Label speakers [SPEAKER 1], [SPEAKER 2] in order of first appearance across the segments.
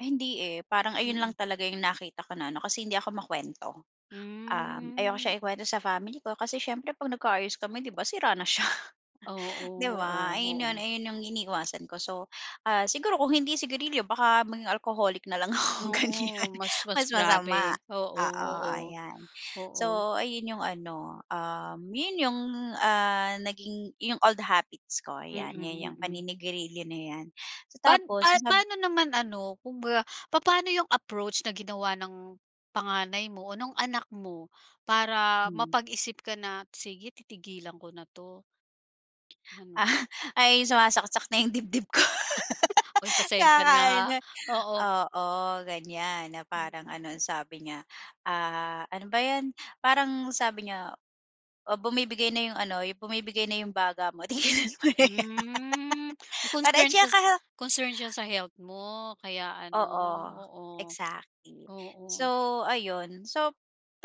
[SPEAKER 1] Hindi, eh, parang ayun lang
[SPEAKER 2] Mm.
[SPEAKER 1] talaga yung nakita ko na ano kasi hindi ako makwento, um, ayoko
[SPEAKER 2] Mm.
[SPEAKER 1] siyang ikwento sa family ko kasi siyempre 'pag nagka-ayos kami 'di ba sira na siya.
[SPEAKER 2] Oo,
[SPEAKER 1] 'Di ba
[SPEAKER 2] oo,
[SPEAKER 1] ayun yun,
[SPEAKER 2] oo.
[SPEAKER 1] ayun yung iniiwasan ko so, ah, siguro kung hindi sigarilyo baka maging alcoholic na lang ako
[SPEAKER 2] Oo,
[SPEAKER 1] ganyan
[SPEAKER 2] mas, mas
[SPEAKER 1] mas masama,
[SPEAKER 2] grabe,
[SPEAKER 1] oo,
[SPEAKER 2] oo, oo,
[SPEAKER 1] ayan.
[SPEAKER 2] oo.
[SPEAKER 1] So ayun yung ano, um, yun yung, ah, naging yung old the habits ko
[SPEAKER 2] Mm,
[SPEAKER 1] yan yang
[SPEAKER 2] mm.
[SPEAKER 1] paninigarilyo na yan. So
[SPEAKER 2] Pan
[SPEAKER 1] tapos,
[SPEAKER 2] pa
[SPEAKER 1] sab
[SPEAKER 2] paano naman ano kumbaga papaano yung approach na ginawa ng panganay mo o nong anak mo para
[SPEAKER 1] Mm.
[SPEAKER 2] mapag-isip ka na, sige titigilan ko na 'to. Ano?
[SPEAKER 1] Ah, ay sumasaksak na yung dibdib ko.
[SPEAKER 2] Uy pasensya na ha
[SPEAKER 1] Kakaano,
[SPEAKER 2] oo.
[SPEAKER 1] oo, ganyan na parang
[SPEAKER 2] Mm.
[SPEAKER 1] ano ansabi niya, ah, ano ba yan, parang sabi niya o bumibigay na yung ano bumibigay na yung baga mo tigilan mo na yan.
[SPEAKER 2] Hmm,
[SPEAKER 1] Para at
[SPEAKER 2] concern siya
[SPEAKER 1] saka
[SPEAKER 2] concern siya sa health mo, kaya ano,
[SPEAKER 1] Oo,
[SPEAKER 2] oo,
[SPEAKER 1] exactly.
[SPEAKER 2] oo.
[SPEAKER 1] So ayun so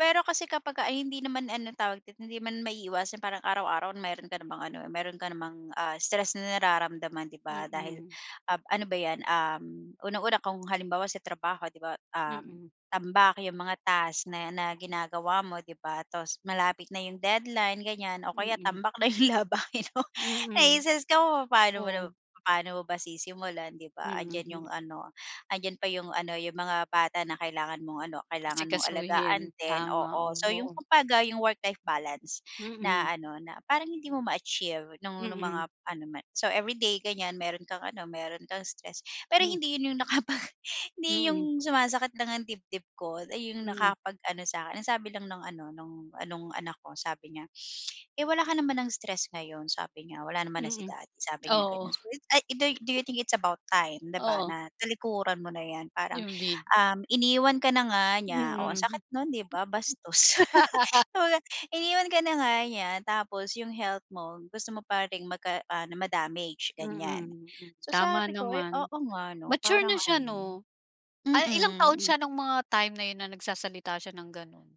[SPEAKER 1] pero kasi kapagka hindi naman ano tawag hindi man maiiwasan parang araw-araw meron ka namang ano, ah, meron ka namang, ah, stress na nararamdaman, 'di ba dahil,
[SPEAKER 2] Mm.
[SPEAKER 1] um, ano ba 'yan, um, unang-una kung halimbawa sa trabaho 'di ba, um,
[SPEAKER 2] Mm.
[SPEAKER 1] tambak 'yong mga task na na ginagawa mo 'di ba, tas malapit na yung deadline ganyan o kaya
[SPEAKER 2] Mm.
[SPEAKER 1] tambak na yung labahin mo.
[SPEAKER 2] Mm,
[SPEAKER 1] naistress ka kung papano mo
[SPEAKER 2] oo.
[SPEAKER 1] paano mo ba sisimulan, 'di ba, 'andiyan
[SPEAKER 2] Mm.
[SPEAKER 1] yung ano 'andiyan pa yung ano yung mga bata na kailangan mong ano kailangan mong
[SPEAKER 2] Asikasuhin,
[SPEAKER 1] alagaan din,
[SPEAKER 2] tama,
[SPEAKER 1] oo.
[SPEAKER 2] oo,
[SPEAKER 1] So yung
[SPEAKER 2] oo.
[SPEAKER 1] kumbaga yung work-life balance
[SPEAKER 2] Mm.
[SPEAKER 1] na ano na parang hindi mo ma-achieve nung nung
[SPEAKER 2] Mm.
[SPEAKER 1] mga ano ma So everyday ganyan meron kang ano meron kang stress, pero
[SPEAKER 2] Mm.
[SPEAKER 1] hindi yun yung nakapag hindi
[SPEAKER 2] Mm.
[SPEAKER 1] yung sumasakit lang ang dibdib ko ay yung
[SPEAKER 2] Mm.
[SPEAKER 1] nakapag-ano sa akin. Ang sabi lang ng ano nong ah, nong anak ko sabi niya, "Eh, wala ka naman ng stress ngayon." Sabi niya. "Wala naman na si
[SPEAKER 2] Mm,
[SPEAKER 1] daddy." Sabi niya
[SPEAKER 2] oo.
[SPEAKER 1] ganon. So, ay do do you think it's about time 'di ba
[SPEAKER 2] Oo.
[SPEAKER 1] na talikuran mo na yan parang,
[SPEAKER 2] Yung vid.
[SPEAKER 1] um, iniwan ka na nga niya, oo ang
[SPEAKER 2] Mm.
[SPEAKER 1] sakit nun di ba bastos. Iniwan ka na nga niya tapos yung health mo, gusto mo pa ring mag ano ma-damage ganyan,
[SPEAKER 2] Mm
[SPEAKER 1] so
[SPEAKER 2] tama
[SPEAKER 1] sabi ko,
[SPEAKER 2] naman.
[SPEAKER 1] oo nga ano,
[SPEAKER 2] Mature
[SPEAKER 1] parang
[SPEAKER 2] na siya
[SPEAKER 1] ano,
[SPEAKER 2] 'no. Ay ilang taon
[SPEAKER 1] mm.
[SPEAKER 2] siya nung mga time na yun na nagsasalita siya ng ganun?